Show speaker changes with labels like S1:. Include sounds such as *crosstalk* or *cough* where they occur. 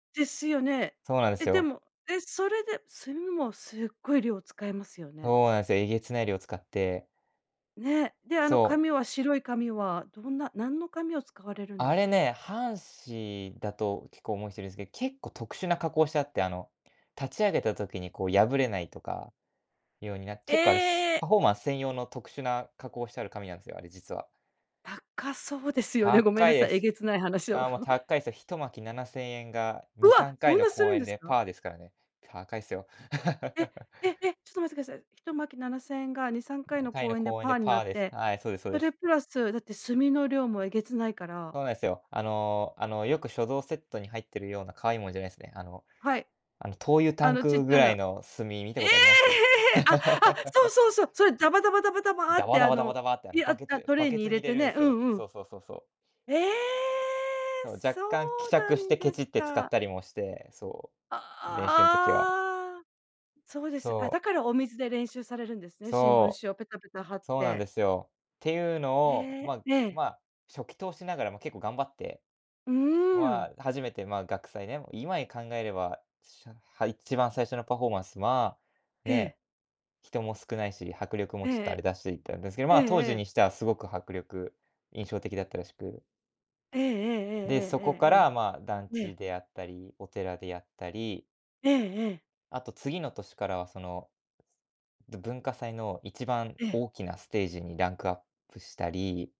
S1: ですよね。
S2: そうなんです
S1: え、で
S2: よ。
S1: も、え、それで炭もすっごい量使いますよね。
S2: そうなんすよ、えげつない量使って。
S1: ね、であの
S2: そう。
S1: 紙は白い紙はどんな、何の紙を使われるんで
S2: あ
S1: すか？
S2: れね、半紙だと結構思う人いるんすけど、結構特殊な加工してあって、あの立ち上げた時にこう破れないとか、ようにな、結構あれ、
S1: ええ。
S2: パフォーマンス専用の特殊な加工してある紙なんすよ、あれ実は。
S1: 高そうですよね。ごめん
S2: 高
S1: な
S2: い
S1: さ
S2: で
S1: い、え
S2: す。
S1: げつない話を。
S2: あもう
S1: ふ。
S2: 高いですよ。1巻7000円が
S1: う
S2: にさ
S1: わ、
S2: んか
S1: そ
S2: い
S1: ん
S2: の
S1: なす
S2: 公
S1: るん
S2: 演
S1: です
S2: で
S1: か？
S2: パーですからね。高いすよ。
S1: え
S2: *chuckles*
S1: ええ、ちょっと待ってください。1巻7000円が2、3回
S2: に
S1: の
S2: かいの
S1: 公演で
S2: 公演
S1: パ
S2: で
S1: ーにな
S2: パ
S1: っ
S2: ーです。
S1: て、
S2: はい、そうですそう
S1: そ
S2: で
S1: れ
S2: す。
S1: プラス、だって炭の量もえげつないから。
S2: そうなんすよ。あのあのよく書道セットに入ってるような可愛いいもんじゃないですね。あの、
S1: はい。
S2: あの灯油タ
S1: あ
S2: ン
S1: のちっ
S2: ク
S1: ち
S2: ぐ
S1: ゃ
S2: らい
S1: な。
S2: の炭見た
S1: ええ、
S2: ことあります？
S1: あ、あ、そうそうそう、それダバダバダバ
S2: *chuckles*
S1: ダバ
S2: ダ
S1: っ
S2: バ
S1: て
S2: ダ
S1: あ
S2: バダバ
S1: の、
S2: ダバってあの
S1: い、あ
S2: バケ
S1: あ、
S2: ツ
S1: トレ
S2: バ
S1: ー
S2: ケ
S1: に入
S2: ツに
S1: れ
S2: 入れ
S1: て
S2: るん
S1: ね、
S2: す
S1: う
S2: よ。
S1: んう
S2: そ
S1: ん。
S2: うそうそうそう。
S1: ええ
S2: そう、若
S1: そ
S2: 干希
S1: うな
S2: 釈し
S1: ん
S2: てケ
S1: で
S2: チ
S1: す
S2: って使っ
S1: か。
S2: たりもして、そう、練習の時は。
S1: ああ。そうです。あ、
S2: そ
S1: だ
S2: う。
S1: からお水で練習されるんですね、新聞
S2: そ
S1: 紙をペタペタ貼
S2: う、
S1: っ
S2: そうなん
S1: て。
S2: ですよ。ていうのを、
S1: へえ。
S2: ま
S1: ええ。
S2: ま、初期投資ながらも結構頑張って、
S1: うー
S2: ま
S1: ん。
S2: あ、初めて、まあ、学祭ね今考えれば、しゃ、は、一番最初のパフォーマンスは、
S1: ええ。
S2: ねえ、人も少ないし、迫力も
S1: え
S2: ちょっとあ
S1: え。
S2: れだし、みたいなんですけど、
S1: え
S2: ま
S1: え
S2: あ当
S1: え
S2: 時に
S1: え。
S2: してはすごく迫力、印象的だったらしく
S1: ええええ
S2: で、そ
S1: え
S2: こからまあ団
S1: えええええええ。え
S2: 地
S1: え。
S2: であったり、お寺であったり。
S1: ええええ。
S2: あと次の年からはその、文化祭の一番
S1: ええ。
S2: 大きなステージにランクアップしたり。